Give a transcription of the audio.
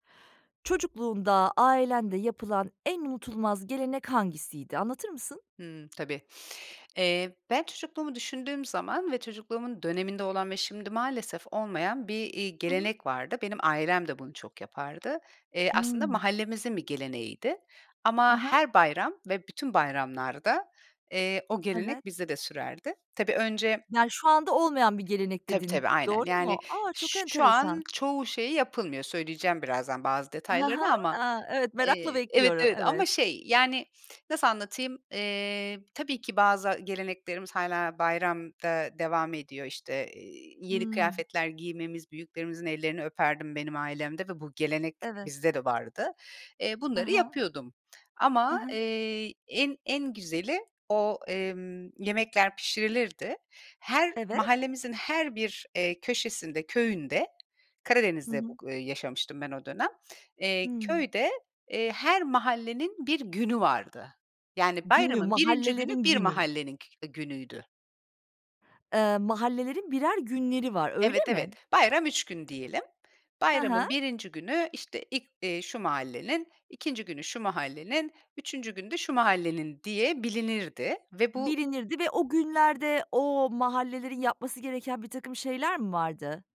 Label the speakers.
Speaker 1: Çocukluğunda ailende yapılan en unutulmaz gelenek hangisiydi, anlatır mısın?
Speaker 2: Hımm, tabii. Eee, ben çocukluğumu düşündüğüm zaman ve çocukluğumun döneminde olan ve şimdi maalesef olmayan bir, iii,
Speaker 1: Hı hı.
Speaker 2: gelenek vardı. Benim ailem de bunu çok yapardı. Eee, aslında
Speaker 1: Hımm.
Speaker 2: mahallemizin bir geleneğiydi.
Speaker 1: Hı
Speaker 2: Ama
Speaker 1: hı.
Speaker 2: her bayram ve bütün bayramlarda, eee, o
Speaker 1: Evet.
Speaker 2: gelenek bizde de sürerdi. Tabii önce
Speaker 1: Yani, şu anda olmayan bir gelenek
Speaker 2: Tabii
Speaker 1: dedin,
Speaker 2: tabii, aynen.
Speaker 1: doğru
Speaker 2: Yani,
Speaker 1: mu? A! Çok
Speaker 2: ş şu an
Speaker 1: enteresan.
Speaker 2: çoğu şeyi yapılmıyor. Söyleyeceğim birazdan bazı
Speaker 1: He he.
Speaker 2: detaylarını ama,
Speaker 1: A, evet, merakla
Speaker 2: eee, evet,
Speaker 1: bekliyorum.
Speaker 2: evet, ama
Speaker 1: Evet.
Speaker 2: şey, yani, nasıl anlatayım? Eee, tabii ki bazı geleneklerimiz hâlâ bayramda devam ediyor. İşte, eee, yeni
Speaker 1: Hımm.
Speaker 2: kıyafetler giymemiz, büyüklerimizin ellerini öperdim, benim ailemde ve bu gelenek
Speaker 1: Evet.
Speaker 2: bizde de vardı. Eee,
Speaker 1: Hı
Speaker 2: bunları
Speaker 1: hı.
Speaker 2: yapıyordum.
Speaker 1: Hı
Speaker 2: Ama,
Speaker 1: hı.
Speaker 2: eee, en, en güzeli o, emm, yemekler pişirilirdi. Her
Speaker 1: Evet.
Speaker 2: mahallemizin her bir, eee, köşesinde, köyünde,
Speaker 1: Hı
Speaker 2: Karadeniz'de
Speaker 1: hı.
Speaker 2: bug eee, yaşamıştım ben o dönem, eee,
Speaker 1: Hıı.
Speaker 2: köyde, eee, her mahallenin bir günü vardı. Yani,
Speaker 1: Günü,
Speaker 2: bayramın 1'inci günü
Speaker 1: mahallelerin
Speaker 2: bir
Speaker 1: günü.
Speaker 2: mahallenin kü günüydü.
Speaker 1: Eee, mahallelerin birer günleri var, öyle
Speaker 2: Evet,
Speaker 1: mi?
Speaker 2: evet. Bayram 3 gün diyelim.
Speaker 1: Ha
Speaker 2: Bayramın
Speaker 1: ha.
Speaker 2: 1'inci günü, işte, ilk, iii, şu mahallenin, 2'nci günü şu mahallenin, 3'üncü günü de şu mahallenin diye bilinirdi ve bu
Speaker 1: Bilinirdi ve o günlerde o mahallelerin yapması gereken birtakım şeyler mi vardı?